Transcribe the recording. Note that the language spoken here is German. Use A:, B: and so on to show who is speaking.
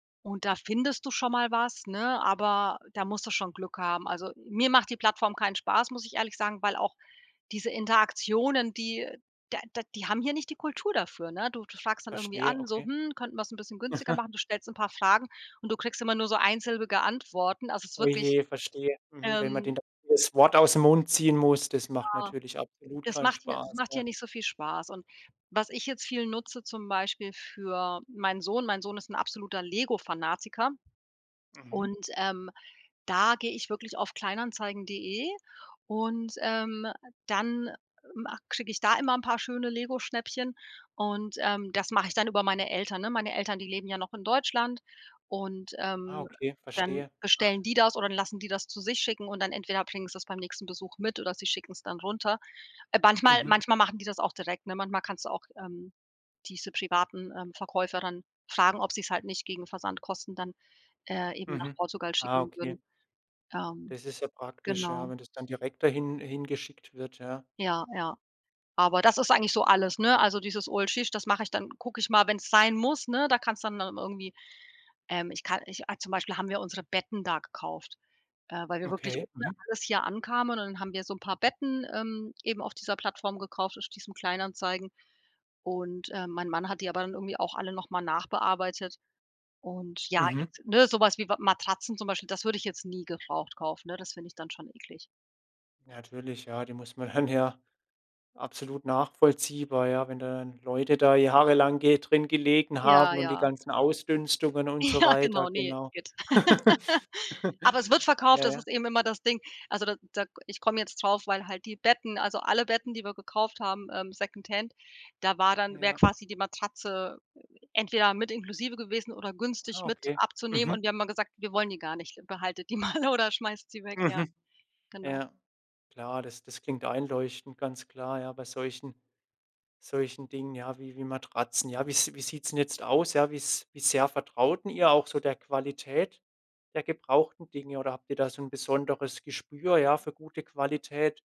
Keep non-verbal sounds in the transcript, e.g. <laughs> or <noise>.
A: Und da findest du schon mal was, ne, aber da musst du schon Glück haben, also, mir macht die Plattform keinen Spaß, muss ich ehrlich sagen, weil auch diese Interaktionen, die da da die haben hier nicht die Kultur dafür, ne? Du du fragst dann irgendwie
B: Verstehe,
A: an, so:
B: okay.
A: „Hm, könnten wir's bisschen günstiger
B: <chuckles>
A: machen?“ Du stellst 'n paar Fragen und du kriegst immer nur so einsilbige Antworten, also es ist
B: Oh
A: wirklich
B: je, verstehe, mhm, wenn man
A: Ähm.
B: den das Wort ausm Mund ziehen muss, das macht
A: Ja,
B: natürlich absolut
A: das
B: keinen
A: macht hier das
B: Spaß,
A: macht
B: ja.
A: hier nicht so viel Spaß und was ich jetzt viel nutze zum Beispiel für meinen Sohn, mein Sohn ist 'n absoluter Lego Fanatiker
B: Mhm.
A: und, ähm, da gehe ich wirklich auf Kleinanzeigen.de und, ähm, dann ma kriege ich da immer 'n paar schöne Lego Schnäppchen und, ähm das mache ich dann über meine Eltern, ne? Meine Eltern, die leben ja noch in Deutschland und,
B: Ah,
A: ähm,
B: okay,
A: dann
B: verstehe. Ach
A: bestellen die das oder lassen die das zu sich schicken und dann entweder bringen sie's beim nächsten Besuch mit oder sie schicken's dann runter. Äh, manchmal-
B: Mhm.
A: manchmal machen die das auch direkt, ne? Manchmal kannst du auch, ähm, diese privaten, ähm, Verkäufer dann fragen, ob sie's halt nicht gegen Versandkosten dann, äh, eben nach
B: Mhm.
A: Portugal
B: Ah,
A: schicken würden,
B: okay.
A: ähm,
B: Das ist ja praktisch, ja,
A: genau.
B: wenn das dann direkt da hin hingeschickt wird, ja.
A: Ja, ja. Aber das ist eigentlich so alles, ne? Also, dieses <unintelligible> das mache ich dann gucke ich mal, wenn's sein muss, ne? Da kann's dann aber irgendwie, ähm, ich kann ich a zum Beispiel haben wir unsere Betten da gekauft, äh, weil wir wirklich
B: Okay.
A: ohne
B: Mhm.
A: alles hier ankamen und dann haben wir so 'n paar Betten, ähm, eben auf dieser Plattform gekauft, auf diesen Kleinanzeigen. Und, äh, mein Mann hat die aber dann irgendwie auch alle noch mal nachbearbeitet und ja,
B: Mhm.
A: jetzt ne, so was wie Matratzen zum Beispiel, das würde ich jetzt nie gebraucht kaufen, ne, das finde ich dann schon eklig.
B: Ja, natürlich, ja, die muss man hörn ja Absolut nachvollziehbar, ja, wenn dann Leute da jahrelang ge drin gelegen
A: Ja,
B: haben und die
A: ja.
B: ganzen Ausdünstungen und so
A: Ja,
B: weiter.
A: genau, ne,
B: Genau.
A: Igitt.
B: <chuckles>
A: <laughs>
B: <laughs>
A: Aber es wird verkauft,
B: Ja,
A: das
B: ja.
A: ist eben immer das Ding. Also, da da ich komme jetzt drauf, weil halt die Betten, also, alle Betten, die wir gekauft haben, ähm, Secondhand, da war dann wäre
B: Ja.
A: quasi die Matratze äh, entweder mit inklusive gewesen oder günstig
B: Ah,
A: mit
B: okay.
A: abzunehmen
B: Mhm.
A: und wir haben immer gesagt: „Wir wollen die gar nicht, behaltet die mal, oder schmeißt sie weg“, ja.
B: Mhm.
A: Genau.
B: Ja. Klar, das das klingt einleuchtend, ganz klar, ja, bei solchen, solchen Dingen ja wie wie Matratzen, ja, wie's wie sieht's 'n jetzt aus, ja, wie's wie sehr vertraut denn ihr auch so der Qualität der gebrauchten Dinge oder habt ihr da so 'n besonderes Gespür ja für gute Qualität?